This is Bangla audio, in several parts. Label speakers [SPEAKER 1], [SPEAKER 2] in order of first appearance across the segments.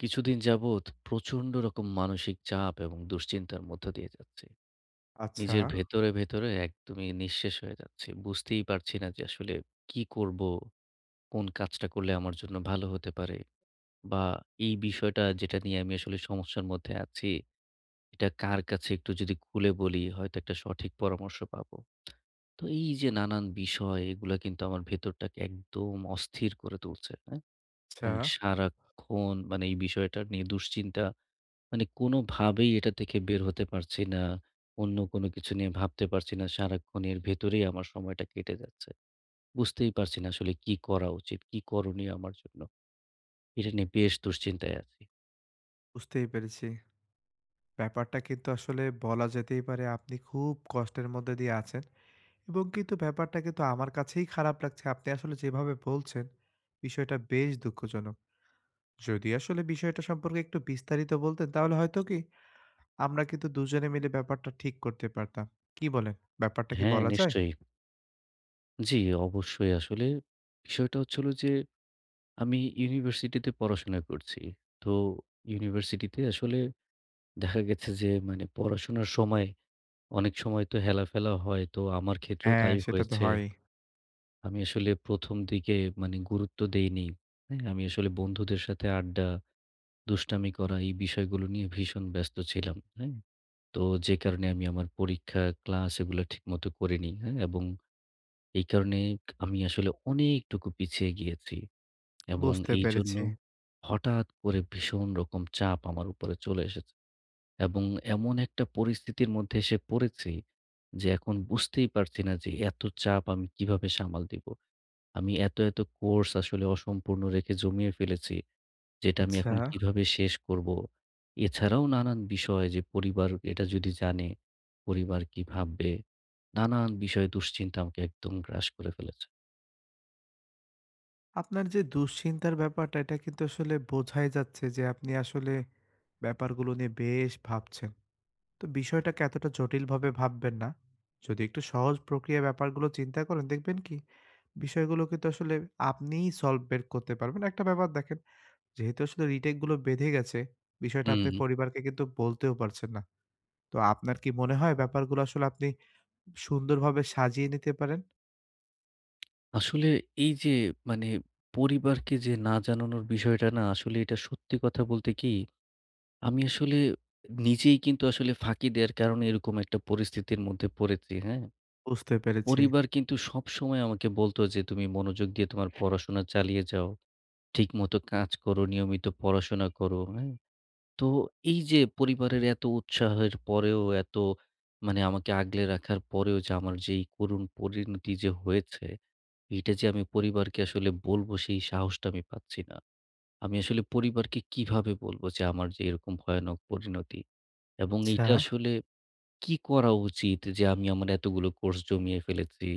[SPEAKER 1] কিছুদিন যাবত প্রচন্ড রকম মানসিক চাপ এবং দুশ্চিন্তার মধ্য দিয়ে যাচ্ছে।
[SPEAKER 2] আচ্ছা।
[SPEAKER 1] নিজের ভেতরে, ভেতরে একদমই নিঃশেষ হয়ে যাচ্ছি। বুঝতেই পারছি না যে আসলে কী করব, কোন কাজটা করলে আমার জন্য ভালো হতে পারে। বা এই বিষয়টা যেটা নিয়ে আমি আসলে সমস্যার মধ্যে আছি, এটা কার কাছে একটু যদি খুলে বলি হয়তো একটা সঠিক পরামর্শ পাবো। তো এই যে নানান বিষয় এগুলা কিন্তু আমার ভেতরটাকে একদম অস্থির করে তুলছে। হ্যাঁ? এবং
[SPEAKER 2] আচ্ছা।
[SPEAKER 1] সারাক্ষণ মানে এই বিষয়টা নিয়ে দুশ্চিন্তা, মানে কোন ভাবেই এটা থেকে বের হতে পারছি না। অন্য কোন কিছু নিয়ে ভাবতে পারছি না। সারাক্ষণ এর ভেতরেই আমার সময়টা কেটে যাচ্ছে। বুঝতেই পারছি না আসলে কি করা উচিত, কী করণীয় আমার জন্য। এটা নিয়ে বেশ দুশ্চিন্তায় আছি।
[SPEAKER 2] বুঝতেই পেরেছি। ব্যাপারটা কিন্তু আসলে বলা যেতেই পারে আপনি খুব কষ্টের মধ্যে দিয়ে আছেন এবং কিন্তু ব্যাপারটা কিন্তু আমার কাছেই খারাপ লাগছে আপনি আসলে যেভাবে বলছেন, বিষয়টা বেশ দুঃখজনক। যদি আসলে বিষয়টা সম্পর্কে একটু বিস্তারিত বলতেন তাহলে হয়তো কি, আমরা কিন্তু দুজনে মিলে ব্যাপারটা ঠিক করতে পারতাম। কি বলেন, ব্যাপারটা কি
[SPEAKER 1] হ্যাঁ,
[SPEAKER 2] বলা যায়?
[SPEAKER 1] নিশ্চয়ই। জ্বি, অবশ্যই। আসলে বিষয়টা হচ্ছে হল যে, আমি ইউনিভার্সিটি তে পড়াশোনা করছি। তো, ইউনিভার্সিটিতে আসলে, দেখা গেছে যে মানে, পড়াশোনার সময়, অনেক সময় তো হেলা-ফেলা হয়। তো আমার ক্ষেত্রেও
[SPEAKER 2] হ্যাঁ,
[SPEAKER 1] তাই
[SPEAKER 2] সেটা তো
[SPEAKER 1] হয়েছে।
[SPEAKER 2] হয়ই।
[SPEAKER 1] আমি আসলে ১ম দিকে মানে গুরুত্ব দেইনি, হ্যাঁ? আমি আসলে বন্ধুদের সাথে আড্ডা, দুষ্টামি করা এই বিষয়গুলো নিয়ে ভীষণ ব্যস্ত ছিলাম, হ্যাঁ? তো যে কারণে আমি আমার পরীক্ষা, ক্লাস এগুলো ঠিকমতো করিনি, হ্যাঁ? এবং, এই কারণেই আমি আসলে অনেকটুকু পিছিয়ে গিয়েছি। এবং
[SPEAKER 2] বুঝতে
[SPEAKER 1] এইজন্য,
[SPEAKER 2] পেরেছি।
[SPEAKER 1] হঠাৎ করে ভীষণ রকম চাপ আমার উপরে চলে এসেছে। এবং এমন একটা পরিস্থিতির মধ্যে এসে পড়েছি, যে এখন বুঝতেই পারছি না যে এত চাপ আমি কিভাবে সামাল দিব। আমি এত এত কোর্স আসলে অসম্পূর্ণ রেখে জমিয়ে ফেলেছি, যেটা আমি এখন
[SPEAKER 2] আচ্ছা।
[SPEAKER 1] কিভাবে শেষ করবো! এছাড়াও নানান বিষয়, যে, পরিবার এটা যদি জানে, পরিবার কী ভাববে। নানান বিষয়ে দুশ্চিন্তা আমাকে একদম গ্রাস করে ফেলেছে।
[SPEAKER 2] আপনার যে দুশ্চিন্তার ব্যাপারটা এটা কিন্তু আসলে বোঝাই যাচ্ছে যে আপনি আসলে, ব্যাপার গুলো নিয়ে বেশ ভাবছেন। তো বিষয়টাকে এতটা জটিলভাবে ভাববেন না। যদি একটু সহজ প্রক্রিয়ায় ব্যাপারগুলো চিন্তা করেন দেখবেন কি বিষয়গুলো কিন্তু আসলে আপনিই সলভ বের করতে পারবেন। একটা ব্যাপার দেখেন যেহেতু আসলে রিটেক গুলো বেঁধে গেছে, বিষয়টা আপনি
[SPEAKER 1] হুম।
[SPEAKER 2] পরিবারকে কিন্তু বলতেও পারছেন না। তো আপনার কি মনে হয় ব্যাপারগুলো আসলে আপনি সুন্দরভাবে সাজিয়ে নিতে পারেন?
[SPEAKER 1] আসলে এই যে মানে পরিবারকে যে না জানানোর বিষয়টা না আসলে এটা সত্যি কথা বলতে কি, আমি আসলে নিজেই কিন্তু আসলে ফাঁকি দেওয়ার কারণে এরকম একটা পরিস্থিতির মধ্যে পড়েছি, হ্যা।
[SPEAKER 2] বুঝতে পেরেছি।
[SPEAKER 1] পরিবার কিন্তু সবসময় আমাকে বলত যে তুমি মনোযোগ দিয়ে তোমার পড়াশোনা চালিয়ে যাও। ঠিকমত কাজ করো, নিয়মিত পড়াশোনা করো, হ্যা। তো এই যে পরিবারের এত উৎসাহের পরেও এত মানে আমাকে আগলে রাখার পরেও যে আমার যেই করুণ পরিণতি যে হয়েছে এটা যে আমি পরিবারকে আসলে বলব সেই সাহসটা আমি পাচ্ছি না। আমি আসলে পরিবারকে কিভাবে বলব যে আমার যে এরকম ভয়ানক পরিণতি! এবং এইটা
[SPEAKER 2] আচ্ছা।
[SPEAKER 1] আসলে কি করা উচিত? যে আমি আমার এতগুলো কোর্স জমিয়ে ফেলেছি,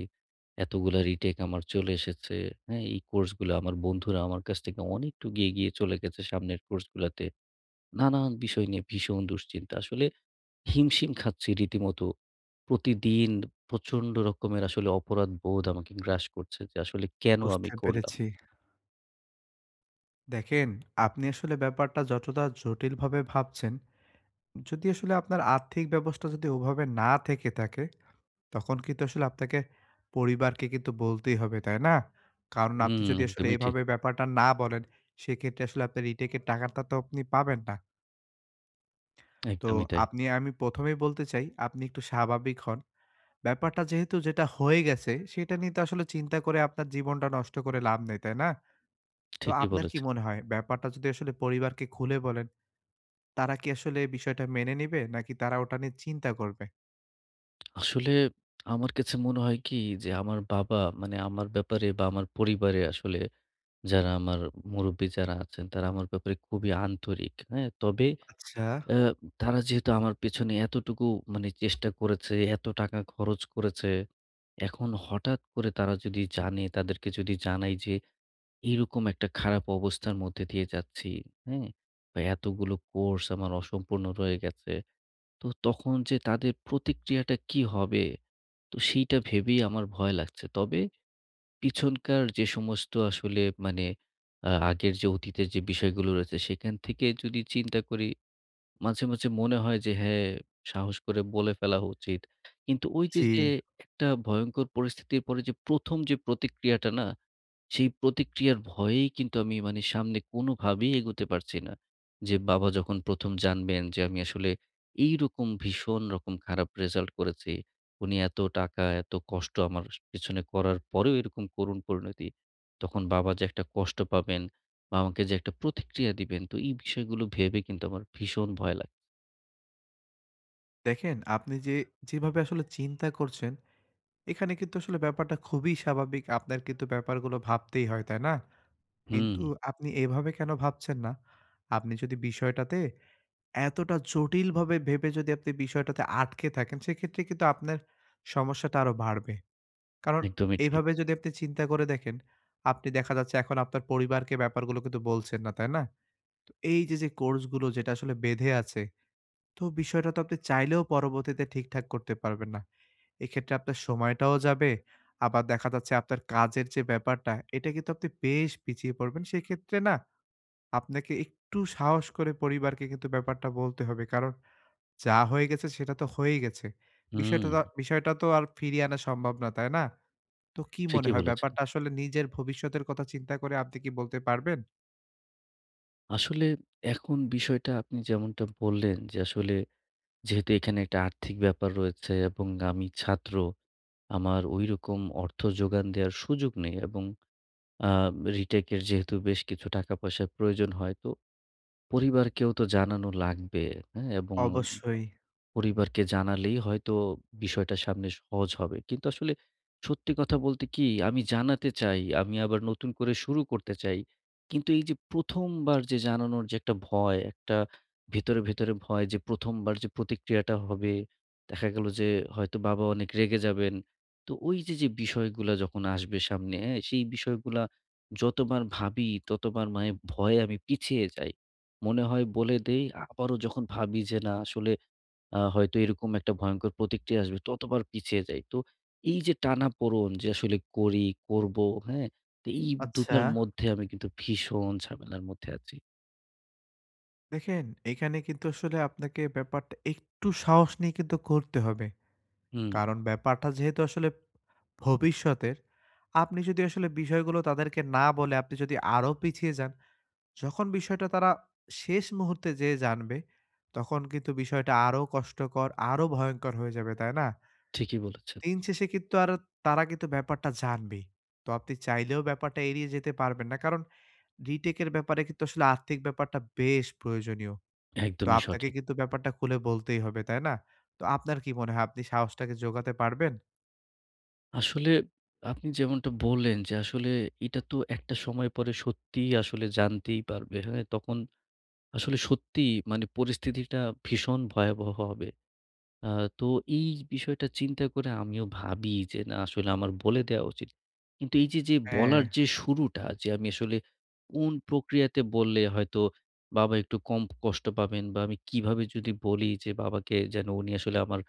[SPEAKER 1] এতগুলো রিটেক আমার চলে এসেছে, হ্যা। এই কোর্সগুলো আমার বন্ধুরা আমার কাছ থেকে অনেকটা এগিয়ে চলে গেছে সামনের কোর্সগুলাতে, নানান বিষয় নিয়ে ভীষণ দুশ্চিন্তা আসলে হিম-শিম খাচ্ছি রীতিমতো। প্রতিদিন প্রচণ্ড রকমের আসলে অপরাধবোধ আমাকে গ্রাস করছে যে আসলে কেন আমি
[SPEAKER 2] বুঝতে
[SPEAKER 1] করলাম?
[SPEAKER 2] পেরেছি। দেখেন, আপনি আসলে ব্যাপারটা যতটা জটিল ভাবে ভাবছেন, যদি আসলে আপনার আর্থিক ব্যবস্থা যদি ওভাবে না থেকে থাকে, তখন কিন্তু আসলে আপনাকে পরিবারকে কিন্তু বলতেই হবে। তাই না? কারণ আপনি
[SPEAKER 1] হুম,
[SPEAKER 2] যদি আসলে
[SPEAKER 1] একদমই ঠিক।
[SPEAKER 2] এভাবে ব্যাপারটা না বলেন, সেক্ষেত্রে আসলে আপনার রিটেকের টাকাটা তো আপনি পাবেন না। তো
[SPEAKER 1] একদমই তাই।
[SPEAKER 2] আপনি আমি প্রথমেই বলতে চাই, আপনি একটু স্বাভাবিক হন। ব্যাপারটা যেহেতু যেটা হয়ে গেছে সেটা নিয়ে তো আসলে চিন্তা করে আপনার জীবনটা নষ্ট করে লাভ নেই। তাই না? তো
[SPEAKER 1] ঠিকই
[SPEAKER 2] আপনার কি
[SPEAKER 1] বলেছেন।
[SPEAKER 2] মনে হয় ব্যাপারটা যদি আসলে পরিবারকে খুলে বলেন, তারা কি আসলে এই বিষয়টা মেনে নিবে নাকি তারা ওটা নিয়ে চিন্তা করবে?
[SPEAKER 1] আসলে আমার কাছে মনে হয় কী যে আমার বাবা, মানে আমার ব্যাপারে বা আমার পরিবারে আসলে যারা আমার মুরুব্বি যারা আছেন, তারা আমার ব্যাপারে খুবই আন্তরিক। হ্যাঁ, তবে
[SPEAKER 2] আচ্ছা।
[SPEAKER 1] অ্যা তারা যেহেতু আমার পেছনে এতটুকু মানে চেষ্টা করেছে, এত টাকা খরচ করেছে, এখন হঠাৎ করে তারা যদি জানে, তাদেরকে যদি জানাই যে এই রকম একটা খারাপ অবস্থার মধ্যে দিয়ে যাচ্ছি। হুম? বা এতগুলো কোর্স আমার অসম্পূর্ণ হয়ে গেছে। তো তখন যে তাদের প্রতিক্রিয়াটা কী হবে? তো সেইটা ভেবেই আমার ভয় লাগছে। তবে পিছনকার যে সমস্ত আসলে মানে আ আগের যে অতীতের যে বিষয়গুলো রয়েছে, সেখান থেকে যদি চিন্তা করি। মাঝে, মাঝে মনে হয় যে, হ্যাঁ, সাহস করে বলে ফেলা উচিত। কিন্তু ওই যে, যে
[SPEAKER 2] জি।
[SPEAKER 1] একটা ভয়ংকর পরিস্থিতির পরে যে প্রথম যে প্রতিক্রিয়াটা না, সেই প্রতিক্রিয়ার ভয়েই কিন্তু আমি মানে সামনে কোনভাবেই এগোতে পারছি না। যে বাবা যখন প্রথম জানবেন যে আমি আসলে এই রকম ভীষণ রকম খারাপ রেজাল্ট করেছি। উনি এত টাকা, এত কষ্ট আমার পেছনে করার পরেও এরকম করুণ পরিণতি। তখন বাবা যে একটা কষ্ট পাবেন, আমাকে যে একটা প্রতিক্রিয়া দিবেন, তো এই বিষয়গুলো ভেবে কিন্তু আমার ভীষণ ভয় লাগে।
[SPEAKER 2] দেখেন, আপনি যে, যেভাবে আসলে চিন্তা করছেন, এখানে কিন্তু আসলে ব্যাপারটা খুবই স্বাভাবিক। আপনার কিন্তু ব্যাপার গুলো ভাবতেই হয়, তাই না? কিন্তু
[SPEAKER 1] হুম।
[SPEAKER 2] আপনি এভাবে কেনো ভাবছেন না? আপনি যদি বিষয়টাতে এতটা জটিল ভাবে ভেবে যদি আপনি বিষয়টাতে আটকে থাকেন, সেক্ষেত্রে কিন্তু আপনার সমস্যাটা আরো বাড়বে। কারণ,
[SPEAKER 1] একদমই ঠিক।
[SPEAKER 2] এভাবে যদি আপনি চিন্তা করে দেখেন, আপনি দেখা যাচ্ছে এখন আপনার পরিবারকে ব্যাপার গুলো কিন্তু বলছেন না, তাই না? তো এই যে, যে কোর্স গুলো যেটা আসলে বেঁধে আছে। তো বিষয়টা তো আপনি চাইলেও পরবর্তীতে ঠিকঠাক করতে পারবেন না। এক্ষেত্রে আপনার সময়টাও যাবে। আবার দেখা যাচ্ছে, আপনার কাজের যে ব্যাপারটা, এটা কিন্তু আপনি বেশ পিছিয়ে পড়বেন। সেক্ষেত্রে না, আপনাকে একটু সাহস করে পরিবারকে কিন্তু ব্যাপারটা বলতে হবে। কারণ, যা হয়ে গেছে, সেটা তো হয়েই গেছে। বিষয়টা
[SPEAKER 1] হুম।
[SPEAKER 2] বিষয়টা তো আর ফিরিয়ে আনা সম্ভব না, তাই না? তো কি মনে
[SPEAKER 1] ঠিকই
[SPEAKER 2] হয়,
[SPEAKER 1] বলেছেন।
[SPEAKER 2] ব্যাপারটা আসলে নিজের ভবিষ্যতের কথা চিন্তা করে, আপনি কি বলতে পারবেন?
[SPEAKER 1] আসলে, এখন বিষয়টা আপনি যেমনটা বললেন যে, আসলে যেহেতু এখানে একটা আর্থিক ব্যাপার রয়েছে, এবং আমি ছাত্র। আমার ওই রকম অর্থ যোগান দেয়ার সুযোগ নেই। এবং আ রিটাকের যেহেতু বেশ কিছু টাকা-পয়সার প্রয়োজন হয়, তো পরিবারকেও তো জানানো লাগবে। হ্যাঁ? এবং
[SPEAKER 2] অবশ্যই।
[SPEAKER 1] পরিবারকে জানালেই হয়তো বিষয়টা সামনে সহজ হবে। কিন্তু আসলে, সত্যি কথা বলতে কি, আমি জানাতে চাই। আমি আবার নতুন করে শুরু করতে চাই। কিন্তু এই যে ১ম বার যে জানানোর যে একটা ভয়, একটা ভেতরে, ভেতরে ভয় যে ১ম বার যে প্রতিক্রিয়াটা হবে, দেখা গেল যে হয়তো বাবা অনেক রেগে যাবেন। তো ওই যে যে বিষয়গুলা যখন আসবে সামনে এ সেই বিষয়গুলা যতবার ভাবি, ততবার মায়ে ভয়ে আমি পিছিয়ে যাই। মনে হয়, বলে দেই। আবারও যখন ভাবি যে না, আসলে আ হয়তো এরকম একটা ভয়ংকর প্রতিক্রিয়া আসবে, ততবার পিছিয়ে যাই। তো এই যে টানাপোড়ন, যে আসলে করি করবো, হ্যাঁ? তো এই
[SPEAKER 2] আচ্ছা।
[SPEAKER 1] দুটার মধ্যে আমি কিন্তু ভীষণ ঝামেলার মধ্যে আছি।
[SPEAKER 2] দেখেন এখানে কিন্তু আসলে আপনাকে ব্যাপারটা একটু সাহস নিয়ে কিন্তু করতে হবে।
[SPEAKER 1] হুম।
[SPEAKER 2] কারন ব্যাপারটা যেহেতু আসলে ভবিষ্যতের। আপনি যদি আসলে বিষয় গুলো তাদেরকে না বলে আপনি যদি আরো পিছিয়ে যান। যখন বিষয়টা তারা শেষ মুহুর্তে যেয়ে জানবে, তখন কিন্তু বিষয়টা আরো কষ্টকর, আরো ভয়ঙ্কর হয়ে যাবে। তাই না?
[SPEAKER 1] ঠিকই বলেছেন।
[SPEAKER 2] দিন শেষে কিন্তু আর, তারা কিন্তু ব্যাপারটা জানবেই। তো আপনি চাইলেও ব্যাপারটা এড়িয়ে যেতে পারবেন না। কারন রিটেক এর ব্যাপারে কিন্তু আসলে আর্থিক ব্যাপারটা বেশ প্রয়োজনীয়। তো
[SPEAKER 1] একদমই
[SPEAKER 2] আপনাকে
[SPEAKER 1] সঠিক।
[SPEAKER 2] কিন্তু ব্যাপারটা খুলে বলতেই হবে। তাই না? তো আপনার কি মনে হয়? আপনি সাহস টাকে জোগাতে পারবেন?
[SPEAKER 1] আসলে আপনি যেমনটা বললেন যে, আসলে এটা তো একটা সময় পরে সত্যিই আসলে জানতেই পারবে। হ্যাঁ? তখন আসলে সত্যিই মানে পরিস্থিতিটা ভীষণ ভয়াবহ হবে। আ তো এই বিষয়টা চিন্তা করে আমিও ভাবি যে, না আসলে আমার বলে দেয়া উচিত। কিন্তু এই যে, যে বলার
[SPEAKER 2] হ্যাঁ।
[SPEAKER 1] যে শুরুটা, যে আমি আসলে কোন প্রক্রিয়াতে বললে হয়তো বাবা একটু কম কষ্ট পাবেন বা আমি কিভাবে যদি বলি যে বাবাকে যেন উনি আসলে আমার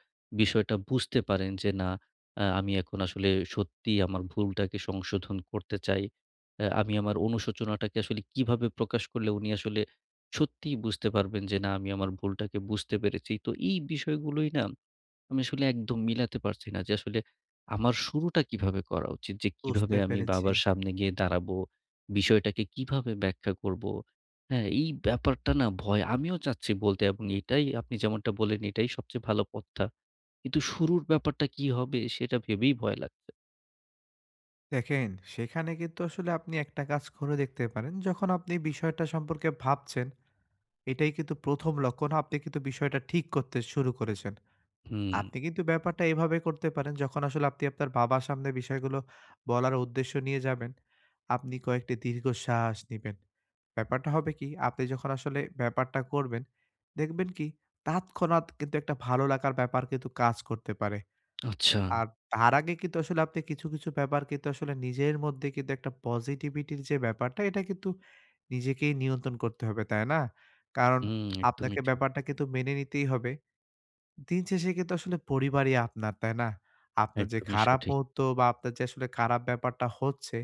[SPEAKER 1] বিষয়টা বুঝতে পারেন। যে না, অ্যা আমি এখন আসলে সত্যিই আমার ভুলটাকে সংশোধন করতে চাই। অ্যা আমি আমার অনুশোচনাটাকে আসলে কীভাবে প্রকাশ করলে উনি আসলে সত্যিই বুঝতে পারবেন যে, না, আমি আমার ভুলটাকে বুঝতে পেরেছি। তো এই বিষয়গুলোই না আমি আসলে একদম মিলাতে পারছি না। যে আসলে আমার শুরুটা কীভাবে করা উচিত? যে কিভাবে
[SPEAKER 2] বুঝতে
[SPEAKER 1] আমি
[SPEAKER 2] পেরেছি।
[SPEAKER 1] বাবার সামনে গিয়ে দাঁড়াবো? বিষয়টাকে কিভাবে ব্যাখ্যা করব? হ্যাঁ? এই ব্যাপারটা না ভয়। আমিও চাচ্ছি বলতে। এবং এটাই আপনি যেমনটা বললেন, এটাই সবচেয়ে ভালো পথটা। কিন্তু শুরুর ব্যাপারটা কী হবে? সেটা ভেবেই ভয় লাগছে।
[SPEAKER 2] দেখেন, সেখানে কিন্তু আসলে আপনি একটা কাজ করে দেখতে পারেন যখন আপনি বিষয়টা সম্পর্কে ভাবছেন, এটাই কিন্তু ১ম লক্ষন আপনি কিন্তু বিষয়টা ঠিক করতে শুরু করেছেন।
[SPEAKER 1] হুম।
[SPEAKER 2] আপনি কিন্তু ব্যাপারটা এভাবে করতে পারেন যখন আসলে আপনি আপনার বাবার সামনে বিষয় গুলো বলার উদ্দেশ্য নিয়ে যাবেন, আপনি কয়েকটি দীর্ঘ শ্বাস নিবেন। ব্যাপারটা হবে কি, আপনি যখন আসলে ব্যাপারটা করবেন দেখবেন কি তৎক্ষণাৎ কিন্তু একটা ভালো লাগার ব্যাপার কিন্তু কাজ করতে পারে।
[SPEAKER 1] আচ্ছা।
[SPEAKER 2] আর তার আগে কিন্তু আসলে আপনি কিছু, কিছু ব্যাপার কিন্তু আসলে নিজের মধ্যে কিন্তু একটা পজিটিভিটির যে ব্যাপারটা এটা কিন্তু নিজেকেই নিয়ন্ত্রন করতে হবে তাই না? কারন
[SPEAKER 1] হুম একদমই
[SPEAKER 2] আপনাকে
[SPEAKER 1] ঠিক।
[SPEAKER 2] ব্যাপারটা কিন্তু মেনে নিতেই হবে। দিন শেষে কিন্তু আসলে পরিবারই আপনার তাই না? আপনার যে
[SPEAKER 1] একদমই
[SPEAKER 2] খারাপ
[SPEAKER 1] সঠিক।
[SPEAKER 2] মুহূর্ত বা আপনার যে আসলে খারাপ ব্যাপারটা হচ্ছে,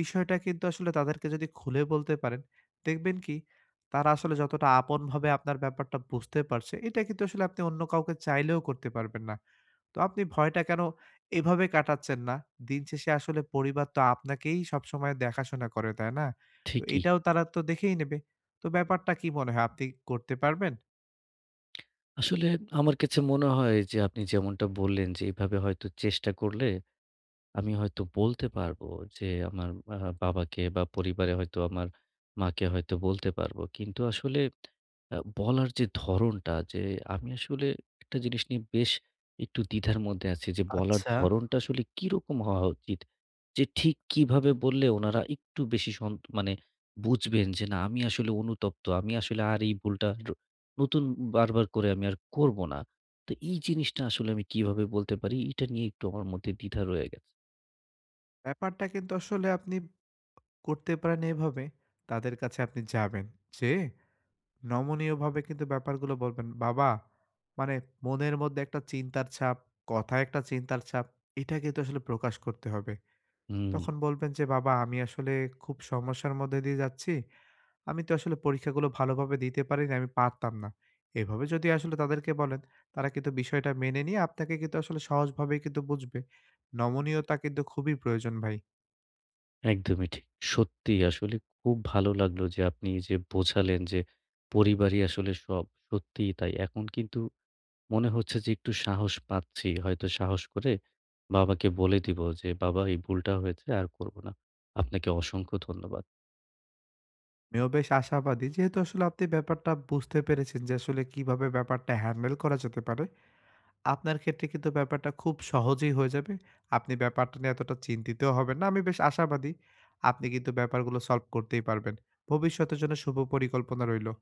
[SPEAKER 2] বিষয়টা কিন্তু আসলে তাদেরকে যদি খুলে বলতে পারেন, দেখবেন কি তারা আসলে যতটা আপন ভাবে আপনার ব্যাপারটা বুঝতে পারছে, এটা কিন্তু আসলে আপনি অন্য কাউকে চাইলেও করতে পারবেন না। তো আপনি ভয়টা কেন, এভাবে কাটাচ্ছেন না। দিন শেষে আসলে পরিবার তো আপনাকেই সবসময় দেখাশোনা করে তাই না? তো
[SPEAKER 1] ঠিকই।
[SPEAKER 2] এটাও তারা তো দেখেই নেবে। তো ব্যাপারটা কি মনে হয় আপনি করতে পারবেন?
[SPEAKER 1] আসলে আমার কাছে মনে হয় যে আপনি যেমনটা বললেন যে, এভাবে হয়তো চেষ্টা করলে আমি হয়তো বলতে পারব। যে আমার আ বাবাকে বা পরিবারে হয়তো আমার মাকে হয়তো বলতে পারবো। কিন্তু আসলে আ বলার যে ধরনটা, যে আমি আসলে একটা জিনিস নিয়ে বেশ একটু দ্বিধার মধ্যে আছি। যে বলার
[SPEAKER 2] আচ্ছা।
[SPEAKER 1] ধরণটা আসলে কিরকম হওয়া উচিত? যে ঠিক কিভাবে বললে উনারা একটু বেশি সন মানে বুঝবেন? যে না আমি আসলে অনুতপ্ত। আমি আসলে আর এই ভুলটা নতুন বার-বার করে আমি আর করবো না। তো এই জিনিসটা আসলে আমি কি ভাবে বলতে পারি? এটা নিয়ে একটু আমার মধ্যে দ্বিধা রয়ে গেছ
[SPEAKER 2] ব্যাপারটা কিন্তু আসলে আপনি করতে পারেন এভাবে, তাদের কাছে আপনি যাবেন। যেয়ে নমনীয় ভাবে কিন্তু ব্যাপার গুলো বলবেন, বাবা মানে মনের মধ্যে একটা চিন্তার ছাপ, কথায় একটা চিন্তার ছাপ, এটা কিন্তু আসলে প্রকাশ করতে হবে।
[SPEAKER 1] হুম।
[SPEAKER 2] তখন বলবেন যে, "বাবা আমি আসলে খুব সমস্যার মধ্যে দিয়ে যাচ্ছি। আমি তো আসলে পরীক্ষা গুলো ভালো ভাবে দিতে পারি নাই আমি পারতাম না।" এভাবে যদি আসলে তাদেরকে বলেন। তারা কিন্তু বিষয়টা মেনে নিয়ে আপনাকে কিন্তু আসলে সহজ ভাবে কিন্তু বুঝবে। নমনীয়তা কিন্তু খুবই প্রয়োজন ভাই।
[SPEAKER 1] একদমই ঠিক। সত্যিই আসলে খুব ভালো লাগলো যে আপনি যে বোঝালেন যে, পরিবারই আসলে সব, সত্যিই তাই। এখন কিন্তু মনে হচ্ছে যে একটু সাহস পাচ্ছি। হয়তো সাহস করে বাবাকে বলে দিবো যে, "বাবা এই ভুলটা হয়েছে, আর করবো না।" আপনাকে অসংখ্য ধন্যবাদ।
[SPEAKER 2] আমিও বেশ আশাবাদি যেহেতু আসলে আপনি ব্যাপারটা বুঝতে পেরেছেন। যে, আসলে কিভাবে ব্যাপারটা হ্যান্ডেল করা যেতে পারে, আপনার ক্ষেত্রে কিন্তু ব্যাপারটা খুব সহজেই হয়ে যাবে। আপনি ব্যাপারটা নিয়ে এতটা চিন্তিত হবেন না। আমি বেশ আশাবাদি, আপনি কিন্তু ব্যাপার গুলো সলভ করতেই পারবেন। ভবিষ্যতের জন্য শুভ পরিকল্পনা রইল।